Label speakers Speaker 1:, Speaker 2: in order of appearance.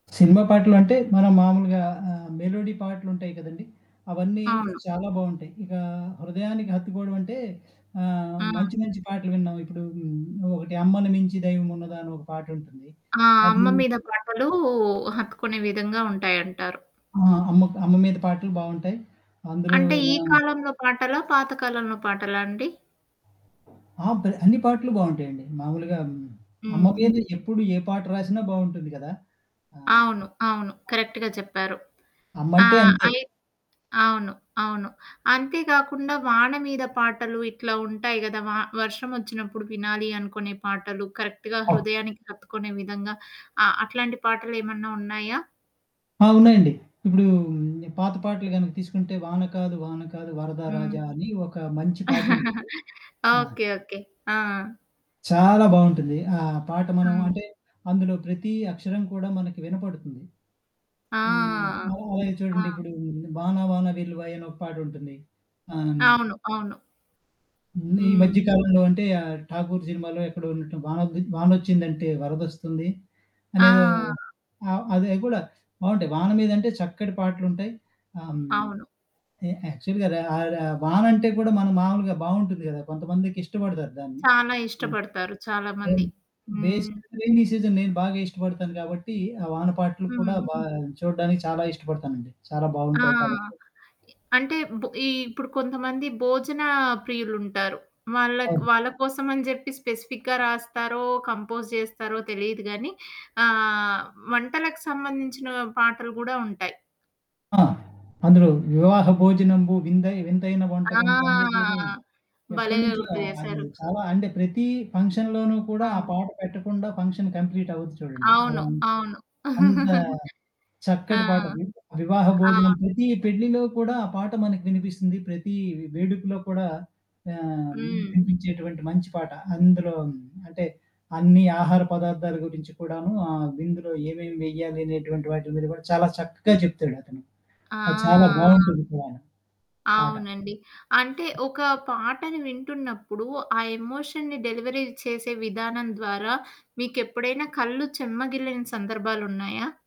Speaker 1: Cinema పాటలు అంటే మనం మామూలుగా ఆహ్, మెలోడి పాటలుంటాయి కదండీ! అవన్నీ
Speaker 2: అవును.
Speaker 1: చాలా బావుంటాయి. ఇగా, హృదయానికి హత్తుకోవడమంటే, ఆహ్,
Speaker 2: ఆ!
Speaker 1: మంచి మంచి పాటలు విండం ఇప్పుడు హ్మ్. నువ్వొకటి 'అమ్మని మించి దైవం ఉన్నదా' అని ఒక పాట ఉంటుంది.
Speaker 2: ఆ!
Speaker 1: అది
Speaker 2: అమ్మ మీద పాటలు హత్తుకునే విధంగా ఉంటాయంటారు.
Speaker 1: ఆ! అమ్మకు అమ్మ మీద పాటలు బావుంటాయి. అందులో
Speaker 2: అంటే ఈ
Speaker 1: మనం
Speaker 2: కాలంలో పాటలా? పాత కాలంలో పాటాలా అండి?
Speaker 1: ఆ! పెద అన్ని పాటలు బావుంటాయండి. మామూలుగా హ్మ్. అమ్మ
Speaker 2: హ్మ్.
Speaker 1: మీద ఎప్పుడు ఏ పాట రాసినా బావుంటుంది కదా! ఆ!
Speaker 2: అవును. అవును. కరెక్ట్‌గా చెప్పారు. ఆ!
Speaker 1: అమ్మంటే అంతే.
Speaker 2: అయ్ అవును. అవును. అంతే కాకుండా వాన మీద పాటలు ఇట్లా ఉంటాయి గదా! వ వర్షం ఒచ్చినప్పుడు వినాలి అనుకునే పాటలు, కరెక్ట్‌గా
Speaker 1: అవు
Speaker 2: హృదయానికి హత్తుకునే విధంగా ఆహ్, అట్లాంటి పాటలేమన్నా ఉన్నాయా?
Speaker 1: ఆ! ఉన్నాయండి. ఇప్పుడూ పాత పాటలు గనుక తీసుకుంటే 'వాన కాదు వాన కాదు వరదా
Speaker 2: హ్మ్.
Speaker 1: రాజా' అని ఒక మంచి పాటటుంది. ఆ!
Speaker 2: ఓకే. ఓకే. ఆ!
Speaker 1: చాలా బావుంటుంది. ఆ పాట మనం
Speaker 2: హ్మ్.
Speaker 1: అంటే, అందులో ప్రతి అక్షరం కూడా మనకి వినపడుతుంది.
Speaker 2: ఆ!
Speaker 1: హ్మ్. మనం అలాగే
Speaker 2: ఆ!
Speaker 1: చూడండిప్పుడు 'వానా వానా వెల్లువాయే' అని ఒక పాాటటుంది. ఆహ్, హ్మ్.
Speaker 2: అవును. అవును.
Speaker 1: ముందు ఈ మధ్య
Speaker 2: హ్మ్.
Speaker 1: కాలంలో అంటే ఆ 'ఠాకూర్' సినిమాలో ఎక్కడ ఉన్నటు వానొద్ది 'వానొచ్చిందంటే వరదొస్తుంది.' అనేదో
Speaker 2: ఆ!
Speaker 1: ఆహ్, అదే అది కూడా, బావుంటయి. వాన మీదంటే చక్కటి పాటలుంటాయి. ఆహ్, హ్మ్.
Speaker 2: అవును.
Speaker 1: ఎ యాక్చువల్‌గా ర ఆరె అ వాన అంటే కూడా మన మామూలుగా బావుంటుంది కదా! కొంతమందికి ఇష్టపడతారు దాన్ని.
Speaker 2: చాలా
Speaker 1: హ్మ్.
Speaker 2: ఇష్టపడతారు చాలామంది.
Speaker 1: హ్మ్.
Speaker 2: హ్మ్.
Speaker 1: బేసికల్లి రెయినీ సీజన్ నేను బాగా ఇష్టపడతాను గాబట్టి, ఆ వాన పాటలు కూడా
Speaker 2: హ్మ్.
Speaker 1: బాగ చూడ్డానికి చాలా ఇష్టపడతానండి. చాలా
Speaker 2: ఆ!
Speaker 1: బావుంటాయి కాబట్టి.
Speaker 2: అంటే బొ ఈ ఇప్పుడు కొంతమంది భోజన ప్రియులుంటారు. వాళ్ళక్
Speaker 1: అవును.
Speaker 2: వాళ్ళకోసమని జెప్పి స్పెసిఫిక్‌గా రాస్తారో, కంపోజ్ జేస్తారో తెలీదుగానీ ఆహ్, వంటలకు సంబంధించిన పాటలు గూడా ఉంటాయి.
Speaker 1: ఆ! అందులో 'వివాహ భోజనంబు విందయి వింతైన
Speaker 2: ఆ!
Speaker 1: వంటకంబు' అనేదేదో
Speaker 2: భలేగా
Speaker 1: ఎప్పటినుంచో
Speaker 2: గుర్తు
Speaker 1: అది
Speaker 2: జేశారు.
Speaker 1: చాలా అంటే ప్రతీ ఫంక్షన్‌లోనూ కూడా ఆ
Speaker 2: ఆ!
Speaker 1: పాట పెట్టకుండా ఫంక్షన్ కంప్లీట్ అవ్వదు చూడండి.
Speaker 2: అవును.
Speaker 1: అలా.
Speaker 2: అవును.
Speaker 1: అంత,
Speaker 2: ఆ!
Speaker 1: చక్కటి పాటండి, 'వివాహ
Speaker 2: ఆ!
Speaker 1: భోజనంబు' ప్రతి పెళ్ళిలో కూడా ఆ పాట మనకు వినిపిస్తుంది. ప్రతీ వే వేడుకలో కూడా ఆహ్,
Speaker 2: హ్మ్.
Speaker 1: వినిపించేటువంటి మంచి పాట. అందులో అంటే అన్ని ఆహార పదార్థాల గురించి కూడాను ఆ విందులో ఏమేమి వేయాలనేటువంటి వాటి మీద కూడా చాలా చక్కగా చెప్తాడు అతను. అది చాలా
Speaker 2: ఆ!
Speaker 1: బావుంటుంది కూడాను. పాట.
Speaker 2: అవునండి. అంటే ఒక పాటని వింటున్నప్పుడు ఆ ఎమోషన్‌ని డెలివరీ చేసే విధానం ద్వారా మీకెప్పుడైనా కళ్ళు చెమ్మగిల్లిన సందర్భాలున్నాయా?